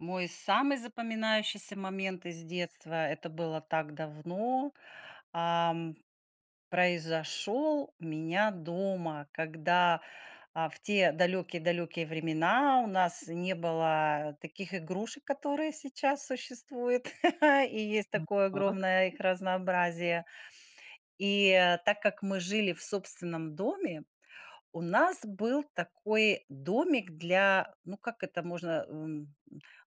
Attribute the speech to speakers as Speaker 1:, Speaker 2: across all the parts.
Speaker 1: Мой самый запоминающийся момент из детства, это было так давно, а, м, произошел у меня дома. Когда, а В те далекие-далекие времена у нас не было таких игрушек, которые сейчас существуют и есть
Speaker 2: М,
Speaker 1: такое
Speaker 2: так.
Speaker 1: огромное их разнообразие. И, э, так как мы жили в собственном доме, у нас был такой домик для, ну, как это можно, м, м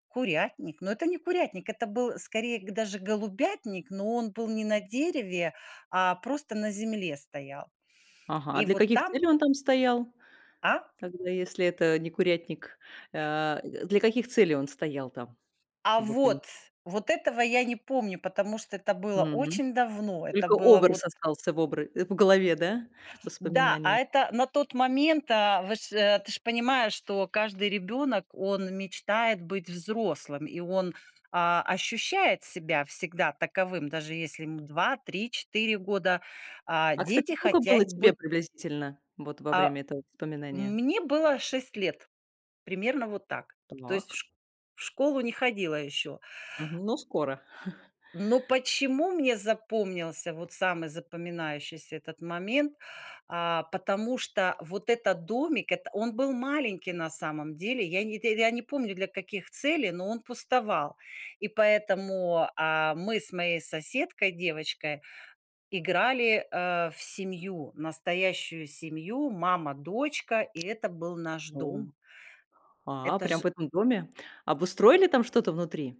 Speaker 1: курятник. Но это не курятник, это был скорее г даже голубятник, но он был не на дереве, а просто на земле стоял.
Speaker 2: Ага, а
Speaker 1: И
Speaker 2: для
Speaker 1: вот
Speaker 2: каких
Speaker 1: там.
Speaker 2: целей он там стоял?
Speaker 1: А?
Speaker 2: Тогда если это не курятник. Э, д для каких целей он стоял там?
Speaker 1: А
Speaker 2: Чтобы понимать.
Speaker 1: вот! Вот этого я не помню, потому что это было
Speaker 2: Мгм.
Speaker 1: очень давно. Это
Speaker 2: Только
Speaker 1: было вот.
Speaker 2: образ остался в обра э, в голове, да?
Speaker 1: Да!
Speaker 2: Воспоминание.
Speaker 1: А это на тот момент, а, вы ж э, ты ж понимаешь, что каждый ребенок, он мечтает быть взрослым. И он, а, ощущает себя всегда таковым, даже если ему 2, 3, 4 года. А,
Speaker 2: А кстати,
Speaker 1: дети
Speaker 2: сколько было
Speaker 1: хотять
Speaker 2: тебе
Speaker 1: быт
Speaker 2: приблизительно? Вот во
Speaker 1: А.
Speaker 2: время этого воспоминания.
Speaker 1: Мне было 6 лет, примерно вот так. То есть в
Speaker 2: Так.
Speaker 1: шк в школу не ходила еще.
Speaker 2: Мгм. Ну, скоро.
Speaker 1: Но почему мне запомнился вот самый запоминающийся этот момент, а. Потому что вот этот домик, это Он был маленький на самом деле. Я не тэ я не помню для каких целей, но он пустовал. И поэтому, а, мы с моей соседкой, девочкой, играли, а, в семью. Настоящую семью- мама, дочка.. И это был наш
Speaker 2: О!
Speaker 1: дом.
Speaker 2: А,
Speaker 1: Это
Speaker 2: прям
Speaker 1: ж.
Speaker 2: в этом доме? Обустроили там что-то внутри?